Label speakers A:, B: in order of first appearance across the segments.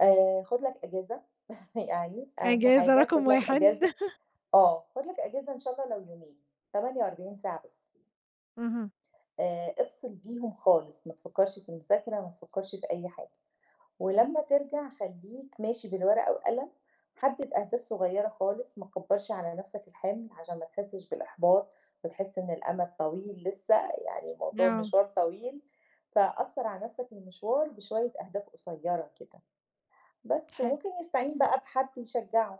A: آآ خُد لك أجازة يعني أهم
B: أجازة
A: حاجة
B: رقم
A: خُد لك
B: 1.
A: أجازة آه، خُد لك أجازة إن شاء الله لو يومين 48 ساعة بس.
B: اهم.
A: آآ، افصل بيهم خالص، ما تفكّرش في المذاكرة، ما تفكّرش في أي حاجة. ولمّا ترجع خلّيك ماشي بالورقة وقلم حدد أهداف صغيّرة خالص، ما تكبّرش على نَفْسك الحِمل عشان ما تحسّش بالإحباط وتحس إن الأمد طويل لسه، يعني الموضوع
B: آه.
A: مشوار طويل، فقصّر عن نَفْسك المشوار بشوية أهداف قصيّرة كده، بس
B: حلو.
A: وممكن يستعين بقى بحد يشجعه.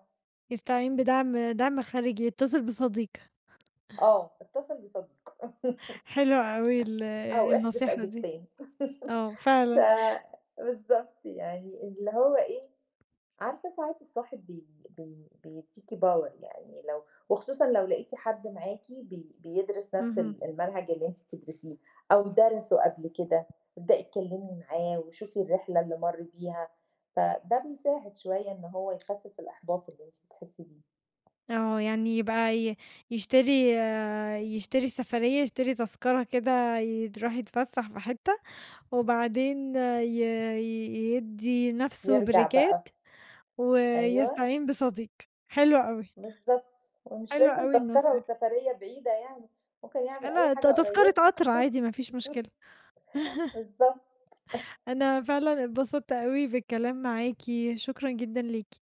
B: يستعين بدعم دعم خارجي، يتصل بصديق.
A: آه، اتصل بصديق
B: حلوة أوي ال
A: أو احذف
B: النصيحة دي.
A: أجابتين
B: آه
A: ف
B: فعلًا.
A: بالضبط يعني اللي هو إيه، عارفة ساعات الصاحب بي بي بيدّيكي power يعني لو وخصوصًا لو لقيتِ حد معاكِ بي بيدرس نَفْس
B: اهم.
A: ال المنهج اللي أنتِ بتدرسيه أو درَسه قبل كده، ابدئي اتكلمي معاه وشوفي الرحلة اللي مَر بيها فده بيساعد شوية إن هو يخفف الإحباط اللي أنتِ بتحسّي بيه.
B: آه، يعني يبقى ي يشتري يشتري سفرية يشتري تذكرة كده يد يروح يتفسّح في حتة، وبعدين ي يدّي نَفْسه
A: يرجع
B: بريكات
A: بقى. أيوه.
B: ويستعين بصديق حلو أوي.
A: بالضبط، ومش
B: حلوة
A: لازم
B: أوي
A: تذكرة
B: النصيحة.
A: وسفرية بعيدة يعني، ممكن يعمل أي
B: لأ ت
A: حاجة
B: تذكرة
A: قريّبة.
B: قطر عادي ما فيش مشكلة.
A: بالضبط.
B: أنا فعلًا اتبسطت أوي بالكلام معاكِ، شكرًا جدًا ليكِ.